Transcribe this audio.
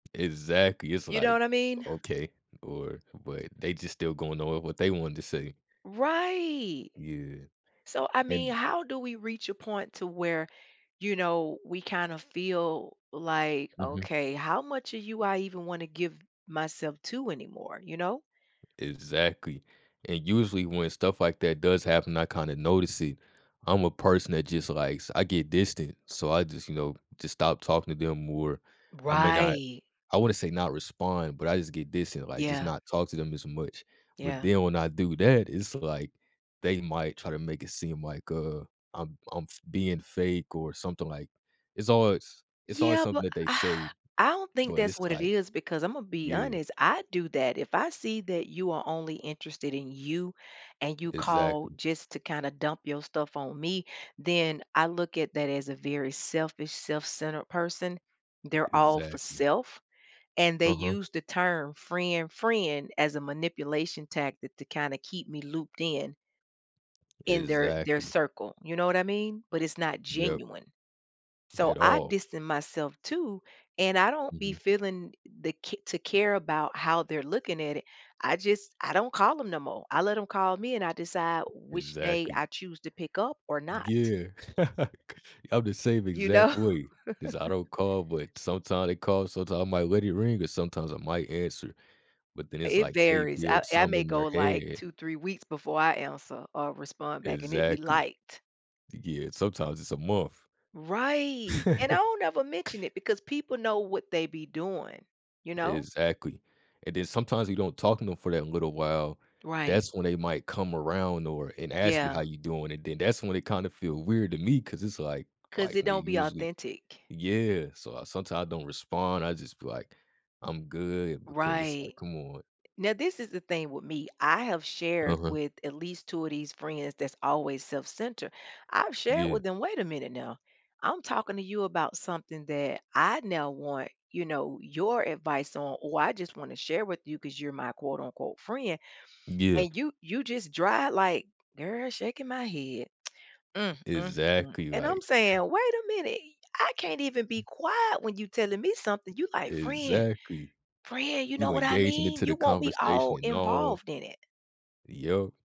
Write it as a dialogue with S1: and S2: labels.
S1: Exactly, it's
S2: You know
S1: like,
S2: what I mean?
S1: "Okay, or" but they just still going over what they wanted to say.
S2: Right.
S1: Yeah.
S2: So, I mean,
S1: An
S2: how do we reach a point to where, you know, we kind of feel like,
S1: Mhm.
S2: "Okay, how much of you I even want to give myself to anymore?" You know?
S1: Exactly, and usually when stuff like that does happen, I kinda notice it. I'm a person that just likes I get distant, so I just, you know, just stop talking to them, or I may not
S2: Right.
S1: I wanna say not respond, but I just get distant, like, just
S2: Yeah.
S1: not talk to them as much. But
S2: Yeah.
S1: then when I do that, it's, like, they might try to make it seem like, uh, I'm I'm f being fake or something, like it's always it's always
S2: Yeah,
S1: something
S2: but
S1: that they say,
S2: I don't think
S1: but
S2: that's
S1: it's,
S2: what it
S1: like
S2: is because Imma be
S1: Yeah.
S2: honest, I do that, if I see that you are only interested in you and you call
S1: Exactly.
S2: just to kinda dump your stuff on me, then I look at that as a very selfish, self-centered person, they're all for
S1: Exactly.
S2: self, and they
S1: Uh-huh.
S2: use the term frien "friend" as a manipulation tactic to kinda keep me looped in in their their
S1: Exactly.
S2: circle, you know what I mean? But it's not
S1: Yep.
S2: genuine. So,
S1: At
S2: I
S1: all.
S2: distance myself too, and I don't be
S1: Mhm.
S2: feeling the c to care about how they're looking at it, I just I don't call 'em no more, I let 'em call me, and I decide which day
S1: Exactly.
S2: I choose to pick up or not.
S1: G yeah. Like, I'm the same
S2: You know?
S1: exact way, 'cause I don't call, but sometime they call, sometime I might let it ring, or sometimes I might answer, but then it's
S2: It
S1: like they
S2: varies, I
S1: build
S2: I
S1: something
S2: may
S1: in
S2: go,
S1: their
S2: like,
S1: head
S2: 2, 3 weeks before I answer or respond back, and it'd be
S1: Exactly.
S2: light.
S1: Yeah, sometimes it's a month.
S2: Right, and I don't ever mention it because people know what they be doing, you know?
S1: Exactly, and then sometimes you don't talk to 'em for that little while,
S2: Right.
S1: that's when they might come around, or and ask you, "How
S2: Yeah.
S1: you doing?" and then that's when it kinda feel weird to me 'cause it's like
S2: 'Cause
S1: like,
S2: it
S1: when
S2: don't be
S1: usually
S2: authentic.
S1: Yeah, so I sometimes don't respond, I just be, like, "I'm good," because it's, like,
S2: Right.
S1: "Come on."
S2: Now this is the thing with me, I have shared
S1: Uh-huh.
S2: with at least 2 of these friends that's always self-centered. I've shared
S1: Yeah.
S2: with them, "Wait a minute now. I'm talking to you about something that I now want, you know, your advice on or I just wanna share with you 'cause you're my quote, unquote, 'friend.'"
S1: Yeah.
S2: And you you just dry like, "Girl, shaking my head. Mm-mm-mm."
S1: Exactly,
S2: And I'm
S1: like
S2: saying, "Wait a minute, y I can't even be quiet when you telling me something." You like, "Friend,
S1: Exactly.
S2: friend, you know
S1: You
S2: what I
S1: engaging
S2: mean?"
S1: into the
S2: You want me
S1: conversation
S2: all
S1: and all.
S2: involved in it.
S1: Yep.